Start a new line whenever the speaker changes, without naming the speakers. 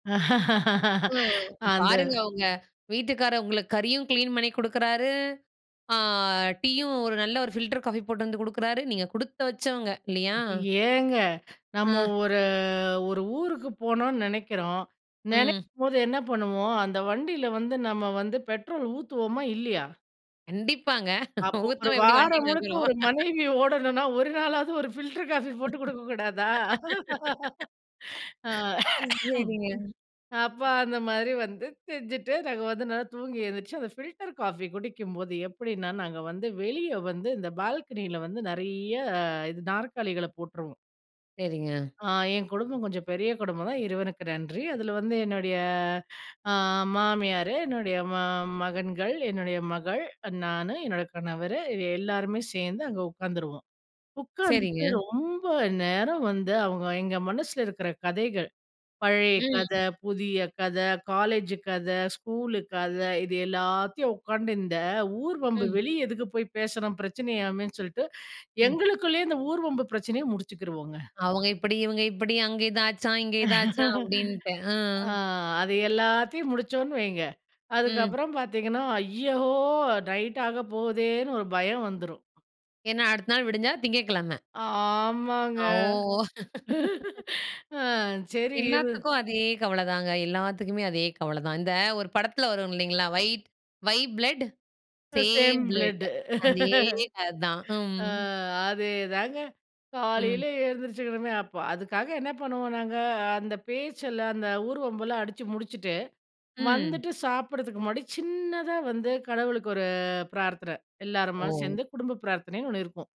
ஆ,
அந்த
பாருங்க உங்க வீட்டுக்கார் உங்களுக்கு கறியும் கிளீன் பண்ணி குடுக்குறாரு, ஆ டீயும், ஒரு நல்ல ஒரு ஃபில்டர் காஃபி போட்டுட்டுந்து குடுக்குறாரு. நீங்க குடுத்து வச்சவங்க, இல்லையா?
ஏங்க, நம்ம
ம்.
ஒரு ஒரு ஊருக்கு போணுன்னு நெனைக்கிறோம்,
ம்.
நெனைக்கும்போது என்ன பண்ணுவோம்? அந்த வண்டியில வந்து நம்ம வந்து பெட்ரோல் ஊத்துவோமா? இல்லையா?
கண்டிப்பாங்க.
அப்போ ஒரு
ஊத்தாம எப்படி வண்டி
வாரம் முழுக்க
நகுரும்?
ஒரு மனைவி ஓடனும்னா, ஒரு நாளாவது ஒரு பில்டர் காஃபி போட்டு குடுக்க கூடாதா? அ
சரிங்க.
அப்ப அந்த மாதிரி வந்து செஞ்சுட்டு, நாங்க வந்து நல்லா தூங்கி எழுந்திரிச்சு அந்த பில்டர் காஃபி குடிக்கும்போது எப்படின்னா நாங்க வந்து வெளிய வந்து இந்த பால்கனியில வந்து நிறைய இது நாற்காலிகள போட்டுருவோம்.
சரிங்க.
ஆ ஏங் குடும்பம் கொஞ்சம் பெரிய குடும்பம் தான் இறைவனுக்கு நன்றி. அதுல வந்து என்னுடைய ஆ மாமியாரு, என்னுடைய ம மகன்கள், என்னுடைய மகள், நானு, என்னோட கணவரு எல்லோருமே சேர்ந்து அங்க உட்காந்துருவோம். உட்காந்துட்டு
சரிங்க.
ரொம்ப நேரம் வந்து அவங்க எங்க மனசுல இருக்கிற கதைகள் பழைய கத,
ம்.
புதிய கத, காலேஜ் கத, ஸ்கூலு கத இது எல்லாத்தையும் உக்காந்து இந்த ஊர் வம்பு
ம்.
வெளிய எதுக்கு போய் பேசணும் பிரச்சனையாமேன்னு சொல்லிட்டு,
ம்.
எங்களுக்குள்ளேயே இந்த ஊர் வம்பு பிரச்சனைய முடிச்சுக்குருவோங்க.
அவங்க இப்படி, இவங்க இப்படி, அங்க இதாச்சாம், இங்க இதாச்சாம் அப்படின்ட்டு, ஆ
ஆ, அது எல்லாத்தையும் முடிச்சோம்ன்னு வைங்க
ம்.
அதுக்கப்புறம் பார்த்தீங்கன்னா, ஐயகோ! நைட்டாக போகுதேன்னு ஒரு பயம் வந்துரும்.
ஏன்னா, அடுத்த நாள் விடிஞ்சா திங்கக்கிழமை.
ஆமாங்க.
ஓ!
ஆ, சரி, இரு
எல்லாத்துக்கும் அதே கவல தாங்க. எல்லாத்துக்குமே அதே கவல தான். இந்த ஒரு படத்தில வரும் இல்லைங்களா? Why why blood
same
same
blood
blood அதே கத தான். ம்.
ஆ, அதேதாங்க.
ம்.
காலையில எழுந்திரிச்சுக்கணுமே அப்போ, அதுக்காக என்ன பண்ணுவோம் நாங்க, அந்த பேச்செல்லாம், அந்த ஊர்வம்பெல்லாம் அடிச்சு முடிச்சுட்டு
ம்.
வந்துட்டு சாப்பிடறதுக்கு முன்னாடி சின்னதா வந்து கடவுளுக்கு ஒரு பிரார்த்தன, எல்லாருமா
ஓ!
சேர்ந்து குடும்ப பிரார்த்தனைன்னு ஒண்ணு இருக்கும்.